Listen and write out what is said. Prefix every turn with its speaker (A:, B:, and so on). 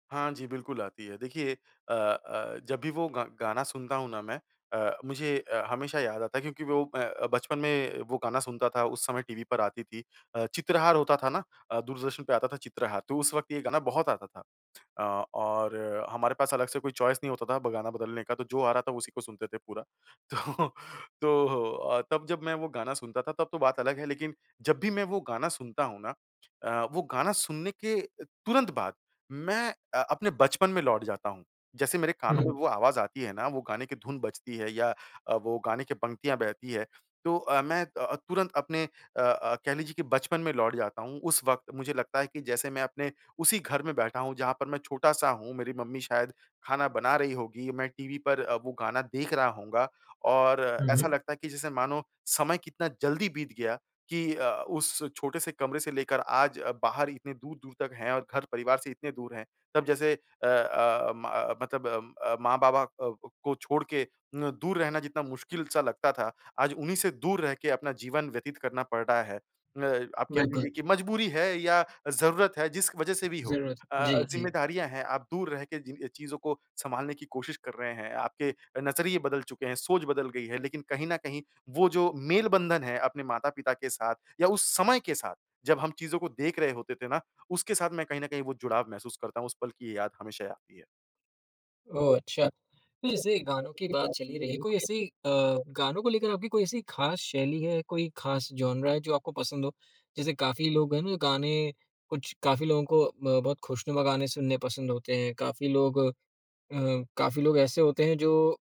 A: हाँ जी, बिल्कुल आती है। देखिए अ अ, जब भी वो गा गाना सुनता हूँ ना मैं अ, मुझे अ, हमेशा याद आता है। क्योंकि वो मैं अ, बचपन में वो गाना सुनता था। उस समय टीवी पर आती थी। अ, चित्रहार होता था ना अ, दूरदर्शन पे आता था चित्रहार। तो उस वक़्त ये गाना बहुत आता था। अ, और हमारे पास अलग से कोई चॉइस नहीं होता था ब गाना बदलने का तो जो आ रहा था उसी को सुनते थे पूरा। तो, तो अ, तब जब मैं वो गाना सुनता था तब तो बात अलग है लेक़िन जब भी मैं वो गाना सुनता हूँ ना, अ, वो गाना सुनने के तुरंत बाद मैं अ, अपने बचपन में लौट जाता हूँ। जैसे मेरे कानों में
B: हुँ।
A: वो आवाज़ आती है ना, वो गाने की धुन बजती है या अ, वो गाने की पंक्तियाँ बहती हैं। तो अ, मैं अ, तुरंत अपने अ अ, कह लीजिए कि बचपन में लौट जाता हूँ। उस वक़्त मुझे लगता है कि जैसे मैं अपने उसी घर में बैठा हूँ जहाँ पर मैं छोटा-सा हूँ। मेरी मम्मी शायद ख़ाना बना रही होगी। मैं टीवी पर अ, वो गाना देख रहा हूँगा और
B: हुँ, हुँ।
A: ऐसा लगता है कि जैसे मानो समय कितना जल्दी बीत गया कि अ, उस छोटे से कमरे से लेकर आज अ, बाहर इतने दूर-दूर तक हैं और घर-परिवार से इतने दूर हैं। तब जैसे अ अ, म अ, मतलब अ, माँ-बाबा अ, को को छोड़ के न दूर रहना जितना मुश्किल-सा लगता था। आज उन्हीं से दूर रह के अपना जीवन व्यतीत करना पड़ रहा है। अ, आप कह
B: बिल्कुल।
A: लीजिए की मजबूरी है या ज़रूरत है जिस वजह से भी हो
B: ज़रूरत है।
A: अ,
B: जी, जी।
A: ज़िम्मेदारियाँ हैं आप दूर रह के जिन अ, चीज़ों को संभालने की कोशिश कर रहे हैं। आपके नज़रिए बदल चुके हैं, सोच बदल गई है। लेक़िन कहीं न कहीं वो जो मेल बंधन है अपने माता-पिता के साथ या उस समय के साथ जब हम चीज़ों को देख रहे होते थे ना उसके साथ मैं कहीं न कहीं वो जुड़ाव महसूस करता हूँ उस पल की ये याद हमेशा आती है।
B: ओह, अच्छा। तो जैसे गानों की बात चल ही रही है कोई ऐसी अ, गानों को लेकर आपकी कोई ऐसी ख़ास शैली है कोई ख़ास जॉनरा है जो आपको पसंद हो? जैसे काफ़ी लोग हैं ना गाने कुछ काफ़ी लोगों को ब बहुत ख़ुशनुमा गाने सुनने पसंद होते हैं काफ़ी लोग अ, काफ़ी लोग ऐसे होते हैं जो